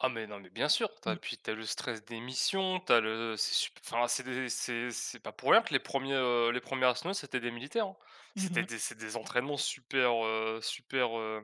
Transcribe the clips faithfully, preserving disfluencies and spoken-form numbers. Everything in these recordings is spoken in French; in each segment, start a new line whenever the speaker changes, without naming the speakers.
Ah, mais non, mais bien sûr, tu as
Mmh.
puis, tu as le stress des missions, tu as le c'est sup enfin, c'est des c'est c'est pas pour rien que les premiers, heu, les premiers astronautes, c'était des militaires, hein,
Mmh
c'était
mh.
des c'est des entraînements super, heu super, heu,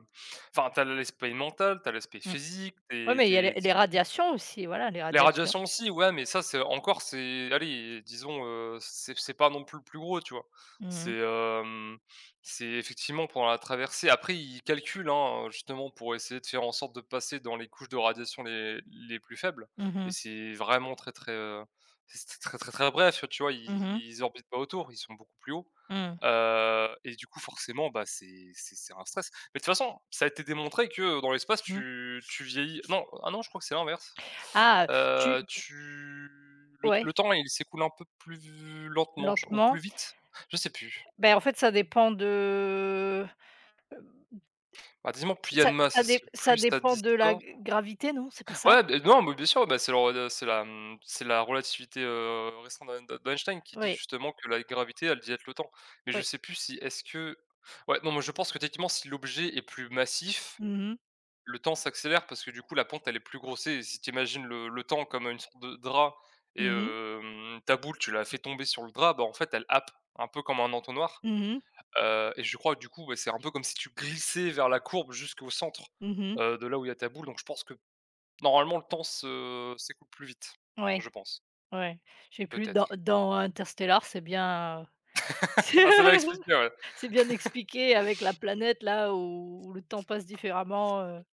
enfin, tu as l'aspect mental, tu as l'aspect
Mmh.
physique,
Ouais,
tu es
mais il
tu
y a
es
les les radiations aussi, voilà, les
les
radiations.
radiations aussi, ouais, mais ça c'est encore c'est allez, disons heu, c'est c'est pas non plus le plus gros, tu vois?
Mmh
C'est,
mh.
hem, c'est effectivement pour la traversée après ils calculent, hein, justement pour essayer de faire en sorte de passer dans les couches de radiation les les plus faibles
Mmh
et
mh.
c'est vraiment très, très, heu, c'était très, très, très bref, heu, tu vois, ils
Mmh mh.
ils orbitent pas autour, ils sont beaucoup plus haut,
Mmh.
heu et du coup, forcément, bah, c'est c'est c'est un stress, mais de toute façon, ça a été démontré que, heu, dans l'espace
Mmh.
tu tu vieillis non, ah non je crois que c'est l'inverse,
Ah! Tu
heu, tu le t
Ouais.
le temps, il s'écoule un peu plus v lentement, je ou plus
Lentement.
vite? Je sais plus.
Beh, en fait, ça dépend de, heu,
Bah, dis-moi, plus il y a
ça
de masse,
ça
est ce
dé
que
ça
plus ça
dépend de la
distord
g gravité, non, c'est pas ça?
ouais, beh, non, mais bien sûr, bah, c'est la rela c'est, mmh, c'est la relativité, heu, restreinte de d'en d'Einstein qui dit
Oui.
justement que la gravité, elle dilate le temps mais je
Oui.
sais plus si est-ce que ouais, non, moi je pense que techniquement si l'objet est plus massif,
Mmh mh.
le temps s'accélère parce que, du coup, la pente, elle est plus grossie et si tu imagines le le temps comme une sorte de drap et
Mmh mh.
hem, ta boule, tu la fais tomber sur le drap, bah, en fait, elle happe un peu comme un entonnoir,
Mmh mh.
heu et je crois, du coup, bah, c'est un peu comme si tu glissais vers la courbe jusqu'au centre,
Mmh mh.
heu, de là où il y a ta boule, donc je pense que, normalement, le temps se s'écoule plus vite,
Ouais.
je pense
Ouais, je sais plus, dans
peut-être.
dans Interstellar, c'est bien, heu, c'est
Ah, celle là explique bien, ouais.
c'est bien expliqué avec la planète-là où où le temps passe différemment, heu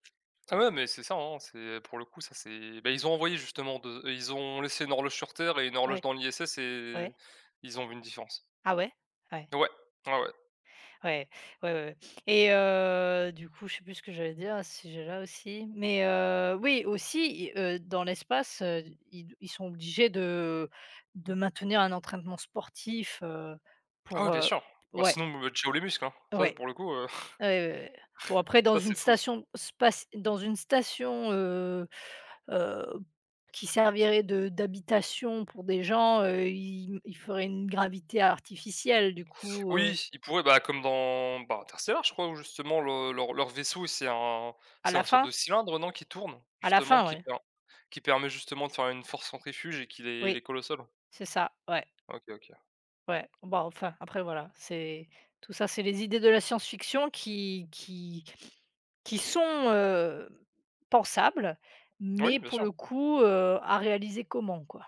Ah ouais, mais c'est ça, hein, c'est pour le coup, ça, c'est bah, ils ont envoyé justement de ils ont laissé une horloge sur terre et une horloge
Ouais.
dans l'ISS et
Ouais.
ils ont vu une différence.
Ah ouais? Ouais.
Ouais. Ouais, ouais.
Ouais, ouais, ouais, ouais et heu, du coup, je sais plus ce que j'allais dire à ce sujet-là aussi, mais heu, oui, aussi i heu, dans l'espace, heu, ils ils sont obligés de de maintenir un entraînement sportif, heu,
Ah oui,
pour,
bien
heu
sûr, bah,
ouais.
sinon, bon, bah, ciao les muscles, hein, ça,
Ouais.
pour le coup, heu,
Ah ouais, ouais, ouais, bon, après dans
ça
une
c'est fou, ç
station spaci dans une station, heu heu, qui servirait de d'habitation pour des gens, heu, ils m ils feraient une gravité artificielle, du coup, heu
Oui, ils pourraient, bah, comme dans, bah, Interstellar, je crois où justement le leur leur vaisseau, c'est un
À
c'est
la
un sorte
fin?
de cylindre, heu, non, qui tourne?
À la
Justement
fin,
qui
ouais.
per qui permet, justement, de faire une force centrifuge et qui les
Oui.
les colle au sol.
C'est ça, ouais.
OK, OK.
Ouais. Bon, enfin, après, voilà, c'est tout ça, c'est les idées de la science fiction qui qui qui sont heu, pensables
Oui,
mais
bien
pour
sûr.
le coup, heu, à réaliser comment, quoi?